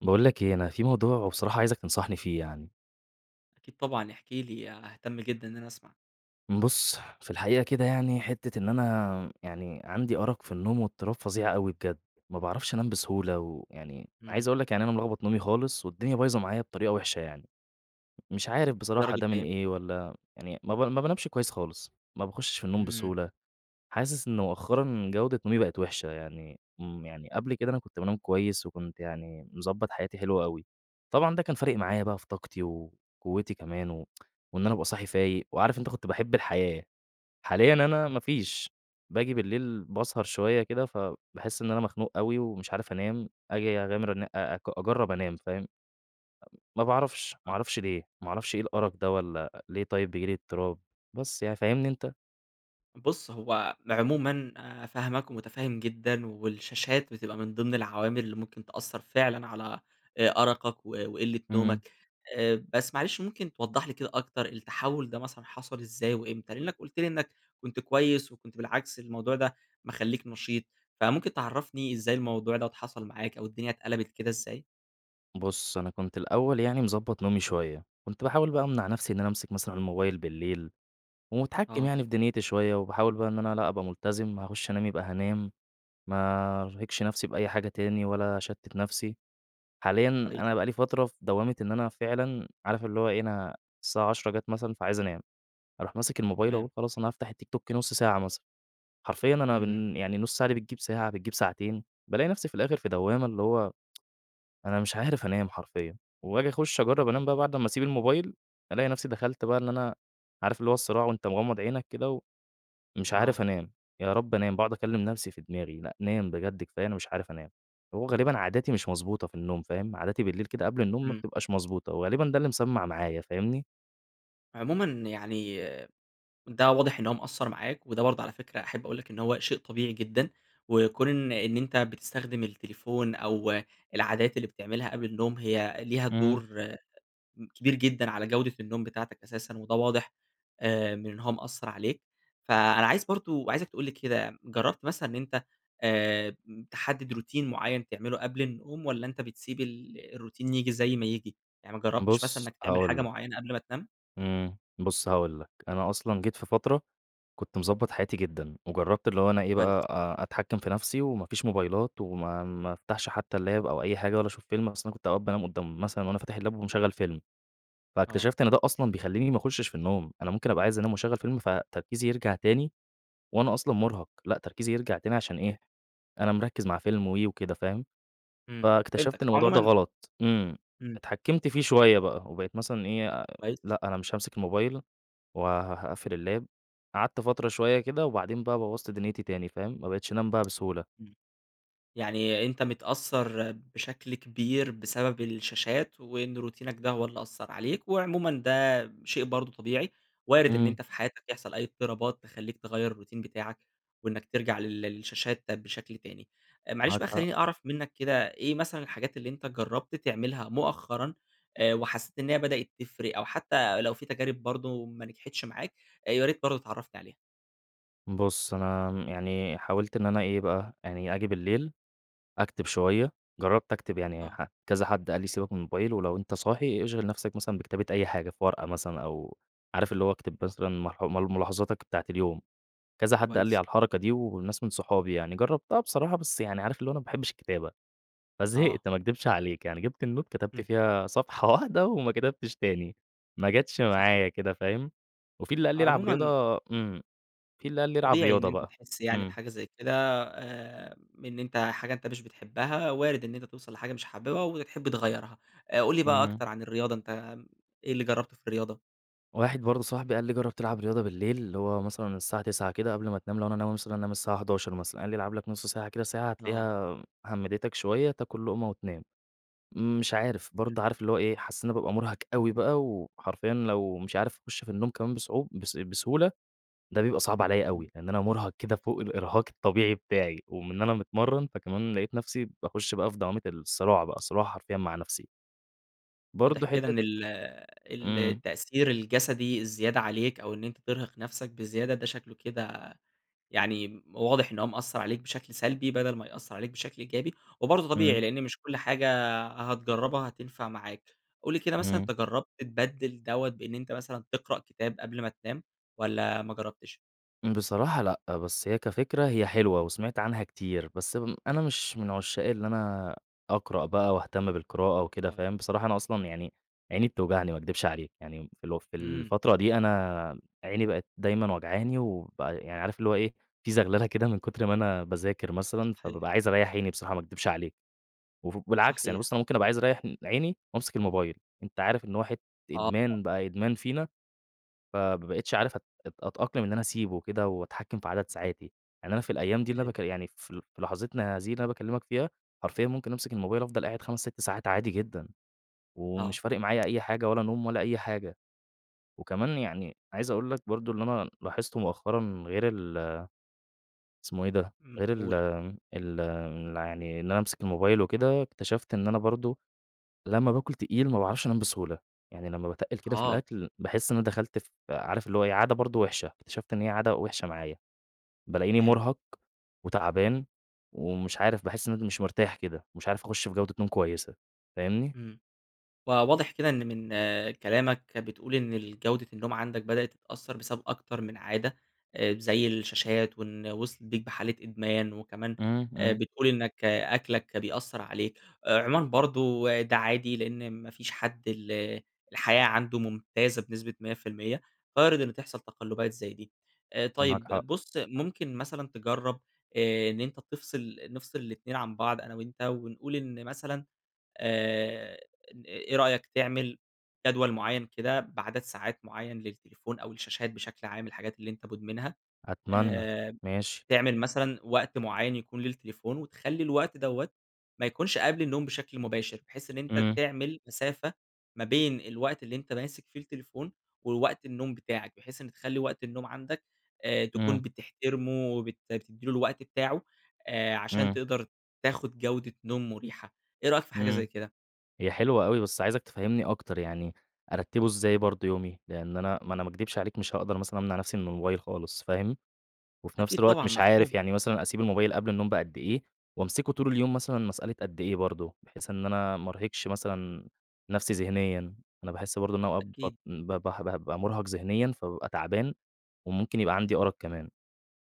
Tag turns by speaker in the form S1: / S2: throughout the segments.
S1: باقول لك إيه، أنا في موضوع وبصراحة عايزك تنصحني فيه يعني.
S2: أكيد طبعًا احكِ لي، ها هاهتم جدًا إن أنا أسمع.
S1: بُص، في الحقيقة كده يعني، حتَّة إن أنا يعني عندي أرق في النوم واضطراب فظيع أوي بجد، ما باعرفش أنام بسهولة. ويعني عايِز
S2: إمم.
S1: أقول لك يعني أنا ملخبَط نومي خالص، والدنيا بايظة معايا بطريقة وحِشة يعني، مش عارِف بصراحة
S2: للدرجة
S1: ده من
S2: إيه؟
S1: إيه، والّا يعني ما ما بانامش كويِس خالص، ما باخُشِّش في النوم
S2: إمم.
S1: بسهولة، حاسس إن مؤخَّرًا جودة نومي بقِت وحِشة يعني. إمم، يعني قبل كده أنا كنت بانام كويِس وكنت يعني مضبِّط حياتي، حلو أوي، طبعًا ده كان فارق معايا بقى في طاقتي وقُوَّتي كمان، وإن أنا أبقى صاحي فايِق وعارِف. أنتَ كنت باحِب الحياة، حاليًا أنا ما فيش، باجي بالليل باسهر شوية كده، فباحس إن أنا مخنوق أوي ومش عارِف أنام، أجي أغامر أ أجرّب أنام، فاهم؟ امم، ما باعرفش ما
S2: آه.
S1: اعرفش ليه، ما اعرفش إيه الأرق ده والّا ليه طيب بييجي لي اضطراب، بس يعني فاهمني أنت؟
S2: بُص، هو عمومًا آآ، فاهمَك ومتفهّم جدًا، والشاشات بتبقى من ضمن العوامل اللي ممكن تأثّر فعلًا على أرقك و وقلَّة
S1: إمم.
S2: نومك. آآ، بس معلش، ممكن توضح لي كده أكتر، التحول ده مثلًا حصل إزاي وإمتى؟ لإنَّك قُلت لي إنَّك كنت كويِس، وكنت بالعكس الموضوع ده مخلِّيك نشيط. فممكن تعرّفني إزاي الموضوع دوّة حصل معاك، أو الدنيا اتقلَبِت كده إزاي؟
S1: بُصّ أنا كنت الأول يعني مضبّط نومي شوية، كنت باحاول بقى أمنع نفْسي إن أنا أمسك مثلًا الموبايل بالليل، ومُتحكم
S2: آه.
S1: يعني في دنيتي شوية وباحاول بقى إن أنا لأ أبقى ملتزم هاخش أنام يبقى هانام، ما ارهقش نفْسي بأي حاجة تاني، ولا اشتّت نفْسي، حاليًا
S2: كويس.
S1: أنا بقى لي فترة في دوامة إن أنا فعلًا، عارف اللي هو إيه أنا الساعة 22:00 جات مثلًا فعايز أنام، أروح ماسِك الموبايل
S2: تمام.
S1: أهو خلاص أنا هافتح التيك توك نُص ساعة مثلًا، حرفيًا أنا
S2: إمم.
S1: بن يعني النُص ساعة دي بتجيب ساعة بتجيب ساعتين، بالاقي نفْسي في الآخر في دوامة اللي هو، أنا مش عارف أنام حرفيًا، وآجي أخُش أجرّب أنام
S2: صحيح.
S1: بقى بعد امّا أسيب الموبايل، ألاقي نفْسي دخلت بقى إن أنا عارف اللي هو الصراع وأنت مغمض عينك كده، و ومش
S2: آه.
S1: عارف أنام، يا رب أنام، باقعُد أكلِّم نفْسي في دماغي، لأ نام بجد كفاية أنا مش عارف أنام، هو غالبًا عاداتي مش مضبوطة في النوم فاهم، عاداتي بالليل كده قبل النوم ما
S2: إمم.
S1: بتبقاش مضبوطة، وغالبًا ده اللي مسمّع معايا، فاهمني؟
S2: عمومًا يعني ده واضح إن هو مأثّر معاك، وده برضه على فكرة أحب أقول لَك إن هو شيء طبيعي جدًا، وكون إن إن أنت بتستخدم التليفون أو العادات اللي بتعملها قبل النوم هي ليها
S1: إمم.
S2: دور كبير جدًا على جودة النوم بتاعتك أساسًا، وده واضح آآ من إن هو مأثّر عليك، فأنا عايز برضه عايزك تقول لي كده، جرّبت مثلًا إن أنت آآ تَحدِّد Routine معيّن تعمله قبل النوم، والّا أنت بتسيب ال الRoutine ييجي زي ما ييجي؟ يعني ما جرّبتش مثلًا
S1: بُصّ
S2: إنك تعمل
S1: هاقول
S2: حاجة
S1: لَك
S2: معيّنة قبل ما تنام؟
S1: إمم، بُصّ هاقول لَك، أنا أصلًا جيت في فترة، كنت مضبّط حياتي جدًا، وجرّبت اللي هو أنا إيه
S2: كويس.
S1: بقى أ أتحكِّم في نفْسي وما فيش موبايلات وما ما أفتحش حتّى الLap أو أي حاجة ولا أشوف فيلم أصلًا كنت أوقات بانام قدّام مثلًا وأنا فاتح الLap ومشغّل فيلم،
S2: آه.
S1: فاكتشفت إن ده أصلًا بيخلّيني ما اخُشِش في النوم، أنا ممكن أبقى عايز أنام و أشغّل فيلم فتركيزي يرجع تاني، وأنا أصلًا مُرهَق، لأ تركيزي يرجع تاني عشان إيه،
S2: صحيح.
S1: أنا مركِّز مع فيلم و وكده فاهم،
S2: إمم
S1: فاكتشفت
S2: فهمتك،
S1: إن الموضوع ده
S2: عمومًا
S1: غلط، إمم،
S2: إمم.
S1: اتحكّمت فيه شوية بقى، وبقيت مثلًا إيه،
S2: كويس.
S1: لأ أنا مش هامسك الموبايل، وه هاقفِّل الLap، قعدت فترة شوية كده وبعدين بقى بوّظت دُنيتي تاني فاهم، ما بقيتش أنام بقى بسهولة.
S2: إمم، يعني أنت متأثّر بشكل كبير بسبب الشاشات، وإن روتينك ده هو اللي أثّر عليك، وعمومًا ده شيء برضه طبيعي، وارد إن
S1: إمم.
S2: أنت في حياتك يحصل أي اضطرابات تخلّيك تغيّر الRoutine بتاعَك، وإنك ترجع لل للشاشات بشكل تاني، معلش
S1: معاك
S2: بقى
S1: حق.
S2: خلّيني أعرف منك كده إيه مثلًا الحاجات اللي أنت جرّبت تعملها مؤخرًا، آآ وحسّيت إنها بدأت تفرِق؟ أو حتّى لو في تجارب برضه ما نجحتش معاك، يا ريت برضه تعرفني عليها.
S1: بُص، أنا م يعني حاولت إن أنا إيه بقى، يعني آجي بالليل أكتب شوية. جرَّبت أكتب، يعني
S2: آه.
S1: ح كذا حد قال لي: "سيبك من الموبايل، ولو أنت صاحي اشغِل نفسك مثلًا بكتابة أي حاجة، في ورقة مثلًا." أو عارف، اللي هو أكتب مثلًا ملاح ملاحظاتك بتاعة اليوم. كذا حد قال لي
S2: كويس.
S1: على الحركة دي وناس من صحابي يعني. جرَّبتها بصراحة، بس يعني عارف اللي هو أنا ما باحبش الكتابة،
S2: آه.
S1: فزهِقت، ما اكدبش عليك. يعني جِبت النوت، كتبت
S2: إمم.
S1: فيها صفحة واحدة وما كتبتش تاني، ما جتش
S2: صحيح.
S1: معايا كده. فاهم؟ وفي اللي قال لي ألعب
S2: عمومًا
S1: رياضة إمم، في اللي قال لي ألعب
S2: طبيعي إن
S1: رياضة
S2: أنت
S1: بقى،
S2: تحس يعني
S1: إمم.
S2: بحاجة زي كده، آآ، إن أنت حاجة أنت مش بتحبها، وارد إن أنت توصل لحاجة مش حاببها، وتحب تغيرها. آآ، قُل لي بقى
S1: إمم.
S2: أكتر عن الرياضة أنت إيه اللي جربته في الرياضة؟
S1: واحد برضه صاحبي قال لي: "جرِّب تلعب رياضة بالليل." اللي هو مثلًا الساعة 21:00 كده قبل ما تنام، لو أنا ناوي مثلًا أنام الساعة 23:00 مثلًا، قال لي: "العب لك نص ساعة كده، ساعة،
S2: آه.
S1: هتلاقيها همِّدتك شوية، تاكل لقمة وتنام." مش عارف،
S2: حلو.
S1: برضه عارف اللي هو إيه، حاسس إن أنا بابقى مُرهَق أوي بقى، وحرفيًا لو مش عارف أخش في النوم كمان بصع بس بسهولة، ده بيبقى صعب عليّا أوي.
S2: إمم.
S1: لأن أنا مُرهَق كده فوق الإرهاق الطبيعي بتاعي، ومن إن أنا متمرِّن، فكمان لقيت نفسي باخش بقى في دوامة الصراع بقى صراع حرفيًا مع نفسي.
S2: واضح
S1: برضه
S2: كده
S1: حتة
S2: إن ال ال
S1: إمم.
S2: التأثير الجسدي الزيادة عليك أو إن أنت ترهق نفْسَك بزيادة، ده شكله كده يعني واضح إن هو مأثَّر عليك بشكل سلبي، بدل ما يأثَّر عليك بشكل إيجابي. وبرضه
S1: إمم.
S2: طبيعي؛ لأن مش كل حاجة هتجربها هتنفع معاك. قُل لي كده مثلًا،
S1: إمم.
S2: أنت جربت تبدِّل دوّة بإن أنت مثلًا تقرأ كتاب قبل ما تنام والّا ما جربتش؟
S1: بصراحة لأ، بس هي كفكرة هي حلوة، وسمعت عنها كتير، بس امم أنا مش من عشاق اللي أنا أقرأ بقى واهتم بالقراءة وكده،
S2: آه.
S1: فاهم، بصراحة أنا أصلًا يعني عيني بتوجعني، ما أكدبش عليك، يعني اللي هو في
S2: إمم.
S1: الفترة دي أنا عيني بقت دايمًا وجعاني وبقى يعني عارف اللي هو إيه، في زغللة كده من كتر ما أنا باذاكر مثلًا،
S2: صحيح.
S1: فبابقى عايز أريَّح عيني بصراحة، ما أكدبش عليك، وف بالعكس يعني
S2: صحيح.
S1: بُص أنا ممكن أبقى عايز أريح إن عيني وأمسك الموبايل، أنت عارف إن واحد
S2: آه.
S1: إدمان، بقى إدمان فينا، فما بقيتش عارف أت أت أتأقلم إن أنا أسيبه وكده وأتحكم في عدد ساعاتي. يعني أنا في الأيام دي اللي أنا
S2: [unintelligible]
S1: باكل يعني في في لحظتنا هذه اللي أنا باكلمك فيها، حرفيًا ممكن أمسك الموبايل أفضل قاعد 5، 6 ساعات عادي جدًا! ومش
S2: آه.
S1: فارق معايا أي حاجة ولا نوم ولا أي حاجة.
S2: إمم.
S1: وكمان يعني عايز أقول لك برضه اللي أنا لاحظته مؤخرًا غير ال اسمه إيه ده؟
S2: إمم،
S1: غير ال
S2: قُل.
S1: ال ال يعني إن أنا أمسك الموبايل وكده، اكتشفت إن أنا برضه، لمّا باكل تقيل ما باعرفش أنام بسهولة، يعني لمّا باتقِّل كده في
S2: آه.
S1: الأكل، باحس إن أنا دخلت في عارف اللي هو إيه، عادة برضه وحشة، اكتشفت إن هي عادة وحشة معايا، بالاقيني
S2: فهِمتَك.
S1: مرهق وتعبان ومش عارف باحس إن [unintelligible] مش مرتاح كده، مش عارف أخش في جودة نوم كويسة، فاهمني.
S2: إمم. فواضح كده إن من كلامك كده بتقول إن الجودة النوم عندك بدأت تتأثَّر بسبب أكتر من عادة، آآ، زي الشاشات وإن وصلت بيك بحالة إدمان، وكمان
S1: إمم،
S2: آآ،
S1: إمم.
S2: بتقول إنك أكلك بيأثَّر عليك. عمومًا برضه ده عادي؛ لأن ما فيش حد ال الحياة عنده ممتازة بنسبة 100%، وارد إن تحصل تقلبات زي دي. آآ،
S1: معاك
S2: طيب
S1: حق.
S2: بُص ممكن مثلًا تجرَّب، آآ، إن أنت تفصل نفصل ال2 عن بعض أنا وأنت، ونقول إن مثلًا، آآ، إن إيه رأيك تعمل جدول معيَّن كده بعدد ساعات معيَّن للتليفون أو الشاشات بشكل عام الحاجات اللي أنت مدمنها،
S1: أتمنى،
S2: آآ،
S1: ماشي.
S2: تعمل مثلًا وقت معيَّن يكون للتليفون، وتخلي الوقت دوّة ما يكونش قبل النوم بشكل مباشر؛ بحيث إن أنت
S1: إمم.
S2: تعمل مسافة ما بين الوقت اللي أنت ماسك فيه التليفون ووقت النوم بتاعك؛ بحيث إن تخلي وقت النوم عندك، آآ، تكون
S1: إمم.
S2: بتحترمه وبت بتدِّي له الوقت بتاعه، آآ، عشان
S1: إمم.
S2: تقدر تاخد جودة نوم مريحة. إيه رأيك في حاجة زي
S1: إمم.
S2: كده؟
S1: هي حلوة أوي، بس عايزك تفهِّمِني أكتر، يعني أرتبه إزاي برضه يومي؟ لأن أنا ما أنا ما أكدبش عليك مش هاقدر مثلًا أمنع نفْسِي من الموبايل خالص، فاهم، وفي نفْس
S2: أكيد
S1: الوقت
S2: طبعًا
S1: مش عارف،
S2: مفهوم.
S1: يعني مثلًا أسيب الموبايل قبل النوم بقد إيه؟ وأمسكه طول اليوم مثلًا مسألة قد إيه برضه؟ بحيث إن أنا ما أرهقش مثلًا نفْسِي ذهنيًا، أنا باحس برضه إن أنا أوقات بط
S2: أكيد.
S1: ب به بابقى مرهق ذهنيًا، فبابقى تعبان وممكن يبقى عندي أرق كمان،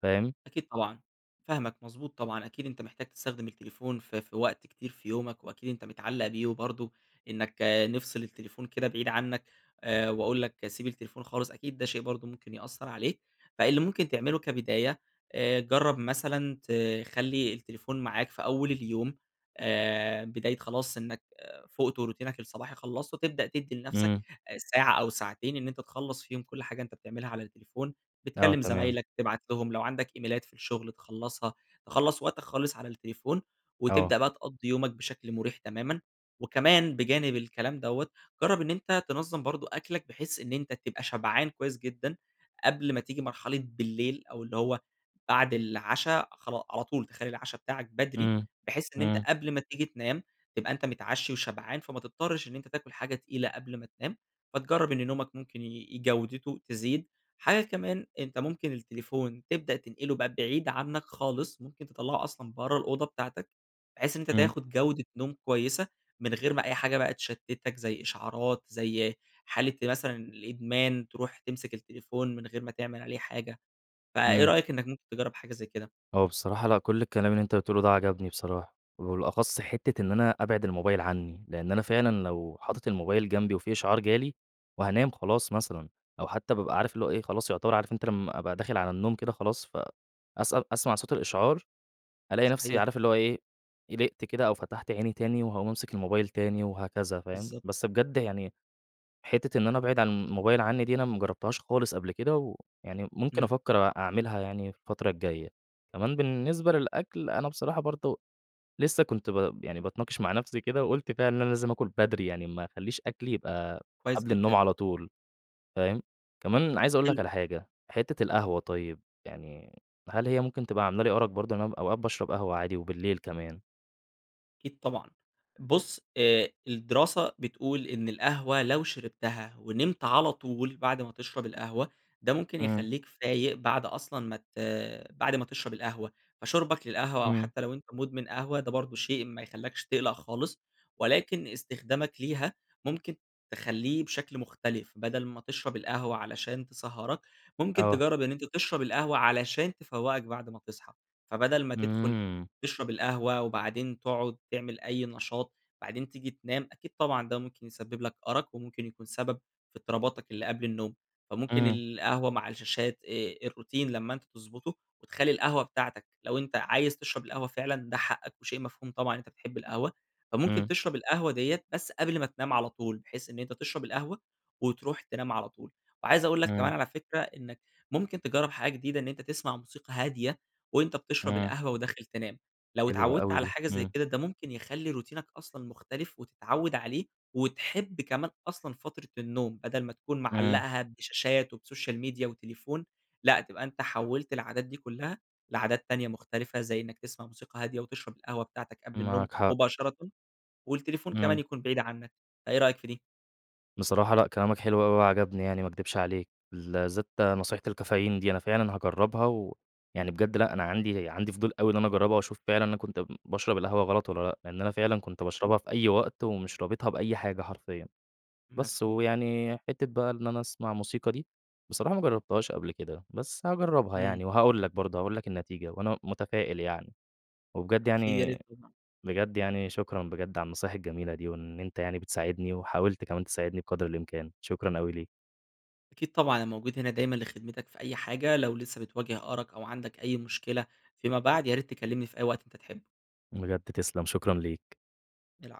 S1: فاهم.
S2: أكيد طبعًا، فاهمك، مضبوط طبعًا، أكيد أنت محتاج تستخدم التليفون في في وقت كتير في يومك وأكيد أنت متعلق بيه وبرضه إنك نفْصِل التليفون كده بعيد عنك، آآ، وأقول لك سيب التليفون خالص، أكيد ده شيء برضه ممكن يأثَّر عليك، فاللي ممكن تعمله كبداية، آآ، جرَّب مثلًا تخلي التليفون معاك في أول اليوم، آآ، بداية خلاص إنك، آآ، فُقت وروتينك الصباحي خلصته، تبدأ تدِّي لنفْسَك
S1: إمم.
S2: آآ، ساعة أو ساعتين إن أنت تخلص فيهم كل حاجة أنت بتعملها على التليفون،
S1: آه
S2: بتكلم
S1: تمام.
S2: زمايلك، تبعت لهم لو عندك إيميلات في الشغل تخلصها، تخلّص وقتك خالص على التليفون
S1: آه.
S2: وتبدأ بقى تقضي يومك بشكل مريح تمامًا، وكمان بجانب الكلام دوّة، جرَّب إن أنت تنظم برضه أكلك بحيث إن أنت تبقى شبعان كويس جدًا، قبل ما تيجي مرحلة بالليل أو اللي هو بعد العَشا خلا على طول تخلي العَشا بتاعك بدري
S1: إمم،
S2: بحيث إن أنت
S1: إمم.
S2: قبل ما تيجي تنام، تبقى أنت متعشي وشبعان، فما تضطرش إن أنت تاكل حاجة تقيلة قبل ما تنام، فتجرَّب إن نومك ممكن ي جودته تزيد. حاجة كمان أنت ممكن التليفون تبدأ تنقله بقى بعيد عنك خالص، ممكن تطلَّعُه أصلًا برَّا الأوضة بتاعتك بحيث إن أنت
S1: إمم.
S2: تاخد جودة نوم كويسة، من غير ما أي حاجة بقى تشتتك، زي إشعارات، زي حالة مثلًا الإدمان، ترُوح تمسك التليفون من غير ما تعمل عليه حاجة. فإيه
S1: إمم.
S2: رأيك إنك ممكن تجرَّب حاجة زي كده؟
S1: هو بصراحة لأ، كل الكلام اللي أنت قُلته لي ده عجبني بصراحة، وبالأخص حتّة إن أنا أبعد الموبايل عني، لأن أنا فعلًا لو
S2: إمم.
S1: حاطط الموبايل جنبي وفي إشعار جالي وهانام خلاص مثلًا أو حتى بابقى عارف اللي هو إيه، خلاص يُعتبر عارف أنت لمّا أبقى داخل على النوم كده خلاص، ف أسأل أسمع صوت الإشعار، ألاقي نفْسِي
S2: صحيح.
S1: عارف اللي هو إيه، قلقت كده أو فتحت عيني تاني وهاقوم أمسك الموبايل تاني وهكذا فاهم،
S2: بالضبط.
S1: بس بجد يعني حتّة إن أنا أبعد عن الموبايل عني دي، أنا ما جربتهاش خالص قبل كده، ويعني ممكن
S2: إمم.
S1: أفكر أ أعملها يعني في الفترة الجاية. كمان بالنسبة للأكل، أنا بصراحة برضه لسه كنت ب يعني باتناقش مع نفْسِي كده وقلت فعلًا إن أنا لازم آكل بدري، يعني ما أخليش أكلي يبقى
S2: كويس
S1: قبل النوم
S2: جدًا.
S1: على طول، فاهم، كمان عايز أقول لك
S2: حلو.
S1: على حاجة، حتّة القهوة طيب، يعني هل هي ممكن تبقى عاملة لي أرق برضه؟ إن أنا أوقات باشرب قهوة عادي وبالليل كمان.
S2: أكيد طبعًا. بُص، آآ، الدراسة بتقول إن القهوة لو شربتها ونِمت على طول بعد ما تشرب القهوة، ده ممكن
S1: إمم.
S2: يخلّيك فايق بعد أصلًا ما ت بعد ما تشرب القهوة. فشُربك للقهوة، أو
S1: إمم.
S2: حتى لو أنت مُدمن قهوة، ده برضه شيء ما يخلّيكش تقلق خالص، ولكن استخدامك ليها ممكن تخلّيه بشكل مختلف. بدل ما تشرب القهوة علشان تسهِّرك، ممكن
S1: آه.
S2: تجرِّب إن أنت تشرب القهوة علشان تفوِّقك بعد ما تصحى. فبدل ما تدخل
S1: إمم.
S2: تشرب القهوة، وبعدين تاقعُد تعمل أي نشاط وبعدين تيجي تنام، أكيد طبعًا ده ممكن يسبب لك أرَق وممكن يكون سبب في اضطراباتك اللي قبل النوم. فممكن
S1: إمم.
S2: القهوة مع الشاشات، آآ، الروتين لمّا أنت تضبطه وتخلّي القهوة بتاعتك، لو أنت عايز تشرب القهوة فعلًا ده حقك وشيء مفهوم طبعًا إن أنت بتحب القهوة. فممكن
S1: إمم.
S2: تشرب القهوة ديّة بس قبل ما تنام على طول، بحيث إن أنت تشرب القهوة وتروح تنام على طول. وعايز أقول لك كمان
S1: إمم.
S2: على فكرة إنك ممكن تجرِّب حاجة جديدة، إن أنت تسمع موسيقى هادية وأنت بتشرب
S1: إمم.
S2: القهوة وداخل تنام. لو
S1: حلوة
S2: اتعوَّدت
S1: أوي
S2: على
S1: دي،
S2: حاجة زي
S1: إمم.
S2: كده، ده ممكن يخلّي روتينك أصلًا مختلف وتتعوَّد عليه وتحب كمان أصلًا فترة النوم، بدل ما تكون
S1: إمم.
S2: معلَّقها بشاشات وبسوشيال ميديا وتليفون. لأ، تبقى أنت حوَّلت العادات دي كلها لعادات تانية مختلفة، زي إنك تسمع موسيقى هادية وتشرب القهوة بتاعتك قبل النوم
S1: معاك حق.
S2: مباشرةً، والتليفون كمان
S1: إمم.
S2: يكون بعيد عنك. فإيه رأيك في دي؟
S1: بصراحة لأ، كلامك حلو أوي وعجبني يعني، ما اكدبش عليك. بالذات نصيحة الكافيين دي، أنا فعلًا هاجرِّبها. ويعني بجد لأ، أنا عندي عندي فضول أوي إن أنا اجرِّبها وأشوف فعلًا أنا كنت ب باشرب القهوة غلط والّا لأ، لأن أنا فعلًا كنت
S2: أكيد.
S1: باشربها في أي وقت ومش رابطها بأي حاجة حرفيًا. بس
S2: مفهوم.
S1: ويعني حتة بقى إن أنا اسمع موسيقى دي، بصراحة ما جرَّبتهاش قبل كده، بس هاجرِّبها
S2: إمم.
S1: يعني. وهاقول لك برضه، هاقول لك النتيجة. وأنا متفائِل يعني، وبجد
S2: أكيد يا
S1: يعني
S2: ريت. [unintelligible]
S1: بجد يعني، شكرًا بجد على النصايح الجميلة دي، وإن أنت يعني بتساعدني وحاولت كمان تساعدني بقدر الإمكان. شكرًا أوي ليك.
S2: أكيد طبعًا، أنا موجود هنا دايمًا لخدمتك في أي حاجة، لو لسه بتواجه أرَق أو عندك أي مشكلة فيما بعد ياريت تكلمني في أي وقت أنت تحبه.
S1: بجد تسلم، شكرًا ليك.
S2: الع